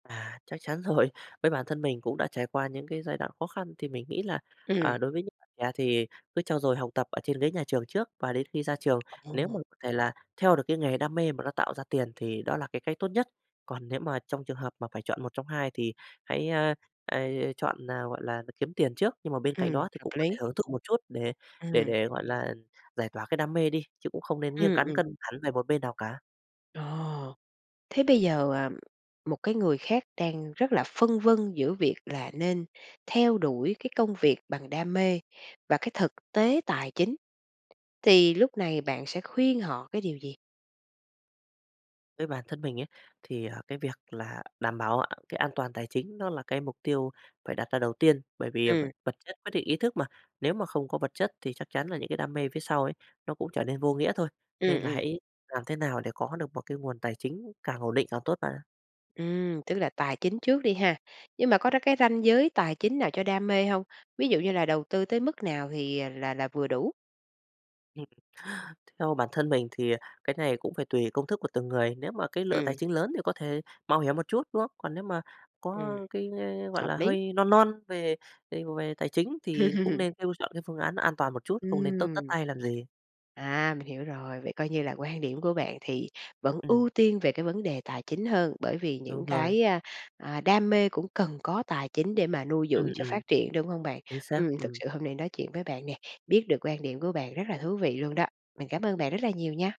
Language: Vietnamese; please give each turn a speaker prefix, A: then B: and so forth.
A: À, chắc chắn rồi. Với bản thân mình cũng đã trải qua những cái giai đoạn khó khăn thì mình nghĩ là,
B: Ừm.
A: à, đối với những bạn trẻ thì cứ trau dồi học tập ở trên ghế nhà trường trước và đến khi ra trường, lếu mà
B: Ồ.
A: c thể là theo được cái nghề đam mê mà nó tạo ra tiền thì đó là cái cách tốt nhất. Còn nếu mà trong trường hợp mà phải chọn một trong hai thì hãy, a, a, a, chọn nào, gọi là, là đ kiếm tiền trước, nhưng mà bên cạnh
B: Ừm,
A: đó thì
B: hợp
A: cũng có thể
B: lý.
A: hưởng thụ một chút để để
B: Ừm.
A: để, gọi là, giải tỏa cái đam mê đi, chứ cũng không nên nghiêng
B: Ừm,
A: cán
B: ừm.
A: cân hẳn về một bên nào cả.
B: Ồ! Thế bây giờ, à, một cái người khác đang rất là phân vân giữa việc là nên theo đuổi cái công việc bằng đam mê và cái thực tế tài chính, thì lúc này bạn sẽ khuyên họ cái điều gì?
A: Với bản thân mình ấy, thì, à, cái việc là đảm bảo cái an toàn tài chính nó là cái mục tiêu phải đặt ra đầu tiên, bởi vì, à, vật
B: Ừm.
A: vật chất quyết định ý thức mà. Nếu mà không có vật chất thì chắc chắn là những cái đam mê phía sau ấy nó cũng trở nên vô nghĩa thôi, nên
B: Ừm,
A: là
B: ừm.
A: hãy làm thế nào để có được một cái nguồn tài chính càng ổn định càng tốt bạn ạ.
B: Ừm, tức là tài chính trước đi ha. Nhưng mà có đó cái ranh giới tài chính nào cho đam mê hông? Ví dụ như là đầu tư tới mức nào thì, à, là là vừa đủ?
A: Ừm, theo bản thân mình thì, à, cái này cũng phải tùy công thức của từng người. Nếu mà cái lượng tài
B: Ừm.
A: chính lớn thì có thể mạo hiểm một chút, đúng không? Còn nếu mà có
B: Ừm.
A: cái, a, gọi
B: Hợp
A: là,
B: lý.
A: hơi non non về về về tài chính thì cũng nên [unintelligible] chọn cái phương án an toàn một chút, không nên tất tất
B: Ừm.
A: tay làm gì.
B: À, mình hiểu rồi. Vậy coi như là quan điểm của bạn thì vẫn
A: Ừm
B: ưu tiên về cái vấn đề tài chính hơn bởi vì những
A: Đúng rồi.
B: cái, a, à, đam mê cũng cần có tài chính để mà nuôi
A: Ừm,
B: dưỡng cho
A: ừm.
B: phát triển, đúng hông bạn?
A: Chính xác,
B: Ừm, thực
A: ừm.
B: sự hôm nay nói chuyện với bạn nè, biết được quan điểm của bạn rất là thú vị luôn đó. Mình cảm ơn bạn rất là nhiều nha.